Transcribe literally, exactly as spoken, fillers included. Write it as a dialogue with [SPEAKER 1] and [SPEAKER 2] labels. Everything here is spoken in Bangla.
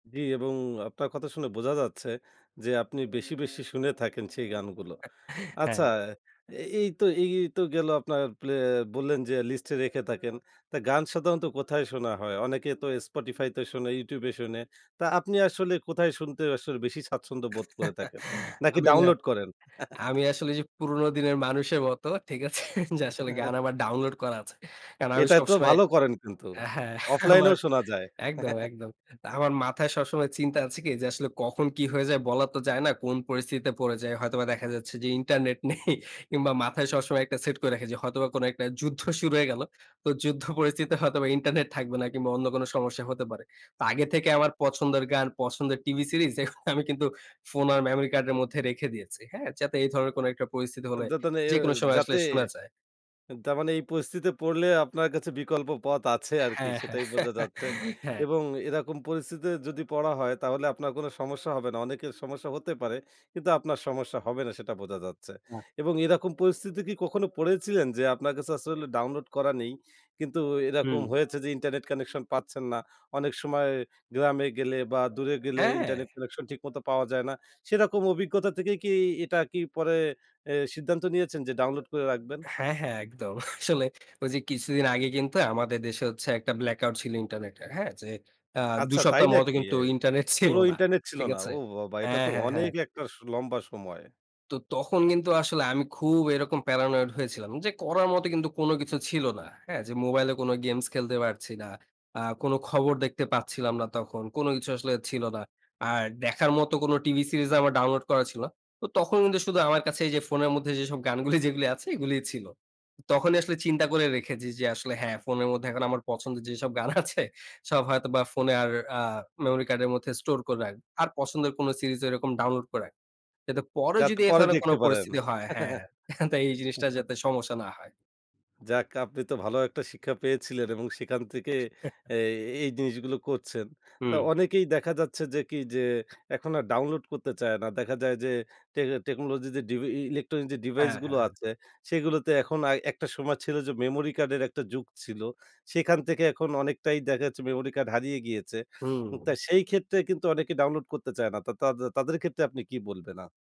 [SPEAKER 1] জি, এবং আপনার কথা শুনে বোঝা যাচ্ছে যে, আপনি বেশি, বেশি শুনে থাকেন সেই গানগুলো। আচ্ছা
[SPEAKER 2] হ্যাঁ।
[SPEAKER 1] এই তো এই এই তো গেল আপনার প্লে বললেন যে, লিস্ট এ রেখে থাকেন তা গান সাধারণত কোথায় শোনা হয়? অনেকে তো Spotify তে শোনে, YouTube এ শোনে। তা আপনি আসলে কোথায় শুনতে আসলে বেশি স্বাচ্ছন্দ্য বোধ করে থাকেন? নাকি
[SPEAKER 2] আমি না,
[SPEAKER 1] ডাউনলোড করেন?
[SPEAKER 2] আমি আসলে যে, পুরনো দিনের মানুষের মতো, ঠিক আছে? যে, আসলে গান আমার ডাউনলোড করা আছে। কারণ আমি
[SPEAKER 1] এটাই তো
[SPEAKER 2] সবসময়
[SPEAKER 1] ভালো করেন কিন্তু।
[SPEAKER 2] হ্যাঁ। আমার
[SPEAKER 1] অফলাইনেও শোনা যায়।
[SPEAKER 2] একদম, একদম। আমার মাথায় সবসময় চিন্তা আছে কি যে, আসলে কখন কি হয়ে যায় বলা তো যায় না কোন পরিস্থিতিতে পড়ে যায়। হয়তোবা দেখা যাচ্ছে যে, ইন্টারনেট নেই, কিংবা মাথায় সবসময় একটা সেট করে রেখেছি। হয়তোবা কোন একটা যুদ্ধ শুরু হয়ে গেল। তো যুদ্ধ পরিস্থিতিতে হয়তোবা ইন্টারনেট থাকবে না, কিংবা অন্য কোন সমস্যা হতে পারে। তো আগে থেকে আমার পছন্দের গান পছন্দের টিভি সিরিজ আমি কিন্তু ফোন আর মেমোরি কার্ডের মধ্যে রেখে দিয়েছি। হ্যাঁ? যাতে এই ধরনের কোনো একটা পরিস্থিতি হলে
[SPEAKER 1] যাতে না এ
[SPEAKER 2] যেকোনো সময় আসলে
[SPEAKER 1] যাতে।
[SPEAKER 2] শোনা যায়।
[SPEAKER 1] তারমানে এই পরিস্থিতে পড়লে আপনার কাছে বিকল্প পথ আছে আরকি
[SPEAKER 2] হ্যাঁ, হ্যাঁ।
[SPEAKER 1] সেটাই বোঝা যাচ্ছে।
[SPEAKER 2] হ্যাঁ।
[SPEAKER 1] এবং এরকম পরিস্থিতি যদি পড়া হয়, তাহলে আপনার কোন সমস্যা হবে না। অনেকের সমস্যা হতে পারে। কিন্তু আপনার সমস্যা হবে না সেটা বোঝা যাচ্ছে।
[SPEAKER 2] আ।
[SPEAKER 1] এবং এরকম পরিস্থিতি কি কখনো পড়েছিলেন? যে, আপনার কাছে আসলে ডাউনলোড করা নেই। কিন্তু এরকম
[SPEAKER 2] হুম।
[SPEAKER 1] হয়েছে যে, ইন্টারনেট কানেকশন পাচ্ছেন না। অনেক সময় গ্রামে গেলে, বা দূরে গেলে
[SPEAKER 2] হ্যাঁ।
[SPEAKER 1] ইন্টারনেট কানেকশন ঠিকমতো পাওয়া যায় না। সেরকম অভিজ্ঞতা থেকে কি এটা কি পরে এ সিদ্ধান্ত নিয়েছেন যে, ডাউনলোড করে রাখবেন?
[SPEAKER 2] হ্যাঁ, হ্যাঁ, একদম। আসলে ঐযে কিছুদিন আগে কিন্তু আমাদের দেশে হচ্ছে একটা ব্লাক আউট ছিল ইন্টারনেট এর। হ্যাঁ? যে, আ দুই
[SPEAKER 1] আচ্ছা তাই
[SPEAKER 2] সপ্তাহ মতো
[SPEAKER 1] নাকি?
[SPEAKER 2] কিন্তু ইন্টারনেট ছিল
[SPEAKER 1] পুরো
[SPEAKER 2] না।
[SPEAKER 1] ইন্টারনেট ছিল
[SPEAKER 2] ঠিক
[SPEAKER 1] না।
[SPEAKER 2] আছে?
[SPEAKER 1] ও বাবা এটা
[SPEAKER 2] হ্যাঁ,
[SPEAKER 1] তো
[SPEAKER 2] হ্যাঁ,
[SPEAKER 1] অনেক
[SPEAKER 2] হ্যাঁ।
[SPEAKER 1] একটা স লম্বা সময়।
[SPEAKER 2] তো তখন কিন্তু আসলে আমি খুব এরকম Paranoid হয়েছিলাম। যে, করার মতো কিন্তু কোন কিছু ছিল না। হ্যাঁ? যে, মোবাইলে কোন গেমস খেলতে পারছি না। আ কোন খবর দেখতে পাচ্ছিলাম না তখন। কোন কিছু আসলে ছিল না। আর দেখার মত কোন টিভি সিরিজ আমার ডাউনলোড করা ছিল না। তখন কিন্তু শুধু আমার কাছে যে, ফোনের মধ্যে যেসব গানগুলো যেগুলো আছে এগুলোই ছিল। তখনই আসলে চিন্তা করে রেখেছি, যে, আসলে হ্যাঁ, ফোনের মধ্যে এখন আমার পছন্দের যেসব গান আছে সব হয়তো বা ফোনে আর আ মেমোরি কার্ডের মধ্যে স্টোর করে রাখব। আর পছন্দের কোন সিরিজ এরকম ডাউনলোড করে। কিন্তু পরে
[SPEAKER 1] যাতে
[SPEAKER 2] যদি এ
[SPEAKER 1] পরে
[SPEAKER 2] ধরনের কোন
[SPEAKER 1] দেখতে পারেন।
[SPEAKER 2] পরিস্থিতি হয়, হ্যাঁ, তো এই জিনিসটা যাতে সমস্যা না হয়।
[SPEAKER 1] যাক আপনি তো ভালো একটা শিক্ষা পেয়েছিলেন, এবং সেখান থেকে এ এই জিনিসগুলো করছেন। তো
[SPEAKER 2] হুম।
[SPEAKER 1] অনেকেই দেখা যাচ্ছে যে, কি, যে, এখন আর ডাউনলোড করতে চায় না। দেখা যায় যে, টেক টেকনোলজি যে, ডিভি এ এ ইলেকট্রনিক যে, ডিভাইস
[SPEAKER 2] হ্যাঁ, হ্যাঁ,
[SPEAKER 1] গুলো
[SPEAKER 2] হ্যাঁ।
[SPEAKER 1] আছে, সেগুলোতে এখন আর একটা সময় ছিল যে, মেমোরি কার্ডের একটা যুগ ছিল। সেখান থেকে এখন অনেকটাই দেখা যাচ্ছে মেমোরি কার্ড হারিয়ে গিয়েছে। তো
[SPEAKER 2] হুম।
[SPEAKER 1] সেই ক্ষেত্রে কিন্তু অনেকে ডাউনলোড করতে চায় না। তা তাদে তাদের ক্ষেত্রে আপনি কি বলবেন? আ